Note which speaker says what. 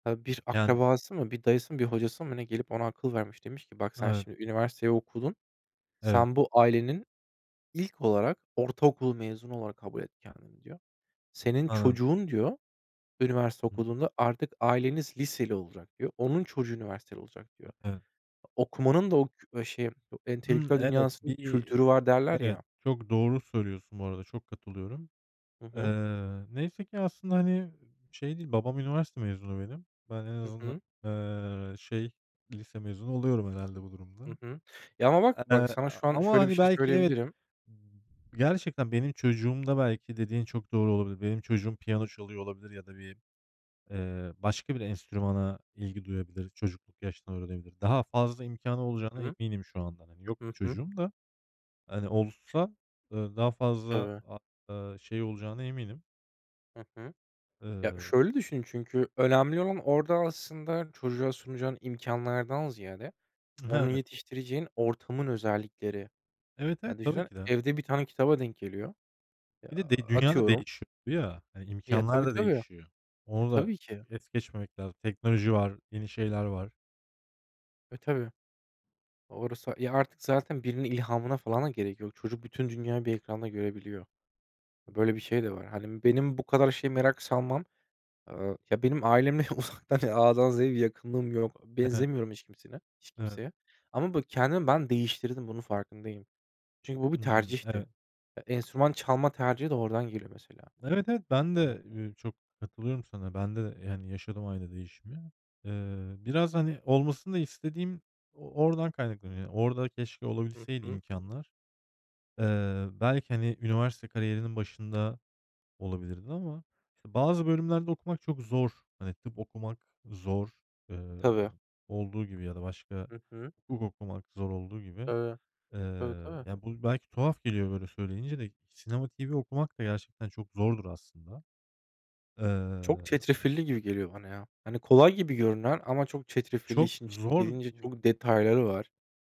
Speaker 1: Tabii, bir
Speaker 2: [unintelligible]
Speaker 1: akrabası mı, bir dayısı mı, bir hocası mı ne gelip ona akıl vermiş. Demiş ki, "Bak, sen
Speaker 2: Evet.
Speaker 1: şimdi üniversiteyi okudun,
Speaker 2: Evet.
Speaker 1: sen bu ailenin ilk olarak ortaokul mezunu olarak kabul et kendini." diyor. "Senin
Speaker 2: Anladım.
Speaker 1: çocuğun, diyor, üniversite
Speaker 2: Hıı.
Speaker 1: okuduğunda artık aileniz liseli olacak." diyor. "Onun çocuğu üniversiteli olacak." diyor.
Speaker 2: Evet.
Speaker 1: Okumanın da o k şey, o
Speaker 2: Hımm.
Speaker 1: entelektüel
Speaker 2: Evet,
Speaker 1: dünyasının
Speaker 2: bir
Speaker 1: kültürü var, derler
Speaker 2: Evet,
Speaker 1: ya.
Speaker 2: çok doğru söylüyorsun bu arada, çok katılıyorum.
Speaker 1: Hı hı.
Speaker 2: Eee, neyse ki aslında, hani, şey değil, babam üniversite mezunu benim. Ben en
Speaker 1: Hı
Speaker 2: azından,
Speaker 1: hı.
Speaker 2: eee, şey, lise mezunu oluyorum herhâlde bu
Speaker 1: Hı
Speaker 2: durumda.
Speaker 1: hı. Ya, ama bak bak
Speaker 2: Eee,
Speaker 1: sana
Speaker 2: a
Speaker 1: şu an
Speaker 2: ama,
Speaker 1: şöyle bir
Speaker 2: hani,
Speaker 1: şey
Speaker 2: belki, evet,
Speaker 1: söyleyebilirim.
Speaker 2: gerçekten benim çocuğumda belki dediğin çok doğru olabilir. Benim çocuğum piyano çalıyor olabilir ya da bir, eee, başka bir enstrümana ilgi duyabilir. Çocukluk yaşta öğrenebilir. Daha fazla imkânı
Speaker 1: Hı
Speaker 2: olacağına
Speaker 1: hı.
Speaker 2: eminim şu andan. Hani yok,
Speaker 1: Hı hı.
Speaker 2: çocuğum da, hani, olsa, eee, daha fazla,
Speaker 1: Tabii.
Speaker 2: a eee, şey olacağına eminim.
Speaker 1: Hı hı. Ya,
Speaker 2: Eee
Speaker 1: şöyle düşün çünkü önemli olan orada aslında çocuğa sunacağın imkânlardan ziyade onu
Speaker 2: Evet.
Speaker 1: yetiştireceğin ortamın özellikleri.
Speaker 2: Evet, evet,
Speaker 1: Ya,
Speaker 2: tabii
Speaker 1: düşünsene
Speaker 2: ki de.
Speaker 1: evde bir tane kitaba denk geliyor. Ya,
Speaker 2: Bir de de dünya da
Speaker 1: atıyorum
Speaker 2: değişiyor ya, hani,
Speaker 1: Ya,
Speaker 2: imkânlar
Speaker 1: tabii,
Speaker 2: da
Speaker 1: tabii.
Speaker 2: değişiyor.
Speaker 1: E,
Speaker 2: Onu da
Speaker 1: tabii ki.
Speaker 2: es geçmemek lazım. Teknoloji var, yeni şeyler var.
Speaker 1: E, tabii. Orası Ya, artık zaten birinin ilhamına falan da gerek yok. Çocuk bütün dünyayı bir ekranda görebiliyor. Böyle bir şey de var. Hani, benim bu kadar şeye merak salmam, eee, ya, benim ailemle uzaktan A’dan Z’ye bir yakınlığım yok.
Speaker 2: Evet.
Speaker 1: Benzemiyorum hiç kimseyle hiç
Speaker 2: Evet.
Speaker 1: kimseye. Ama bak kendimi ben değiştirdim, bunun farkındayım. Çünkü bu bir
Speaker 2: Hımm,
Speaker 1: tercihti.
Speaker 2: evet.
Speaker 1: Eee, enstrüman çalma tercihi de oradan geliyor, mesela.
Speaker 2: Evet, evet, ben
Speaker 1: [unintelligible]
Speaker 2: de, eee, çok katılıyorum sana. Ben de, yani, yaşadım aynı değişimi. Eee, biraz, hani, olmasını da istediğim o oradan kaynaklanıyor. Orada keşke
Speaker 1: Hı
Speaker 2: olabilseydi
Speaker 1: hı.
Speaker 2: imkânlar. Eee, belki, hani, üniversite kariyerinin başında olabilirdi ama, işte, bazı bölümlerde okumak çok zor. Hani, tıp okumak zor, eee,
Speaker 1: Tabii.
Speaker 2: olduğu gibi ya da başka
Speaker 1: Hı hı.
Speaker 2: hukuk okumak zor olduğu gibi.
Speaker 1: Tabii,
Speaker 2: Eee,
Speaker 1: tabii, tabii.
Speaker 2: ya, bu belki tuhaf geliyor böyle söyleyince de Sinema TV okumak da gerçekten çok zordur aslında.
Speaker 1: Çok
Speaker 2: Eee
Speaker 1: çetrefilli gibi geliyor bana, ya. Hani, kolay gibi görünen ama çok çetrefilli
Speaker 2: Çok
Speaker 1: işin içine
Speaker 2: zor.
Speaker 1: girince çok detayları var.